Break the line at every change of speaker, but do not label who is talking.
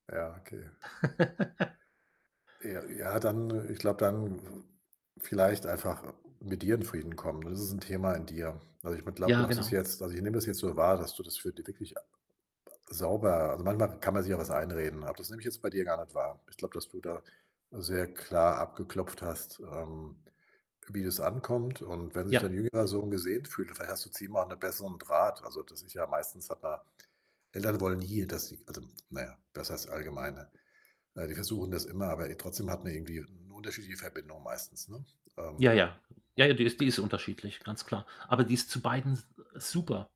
Ja, okay. Ja ja, dann ich glaube, dann v vielleicht einfach, äh, mit dir in Frieden kommen. Ne, das ist 'n Thema in dir. Also, ich meine glaube,
Ja,
du hast es
genau.
jetzt also, ich nehme das jetzt so wahr, dass du das für di wirklich sauber also, manchmal kann man sich ja was einreden, aber das nehme ich jetzt bei dir gar nicht wahr. Ich glaube, dass du da sehr klar abgeklopft hast, ähm, wie das ankommt. Und wenn sich
Ja.
dein
[unintelligible]
jüngerer Sohn gesehen fühlt, vielleicht hast du zu ihm 'nen besseren Draht. Also das ist ja meistens hat man Eltern wollen hier, dass sie also, na ja, das heißt allgemeine, ne? Ne, die versuchen das immer, aber, äh, trotzdem hat man irgendwie 'ne unterschiedliche Verbindung meistens, ne?
Ja,
Ähm.
ja, ja, ja, die ist die ist unterschiedlich, ganz klar. Aber die ist zu beiden s äh, super.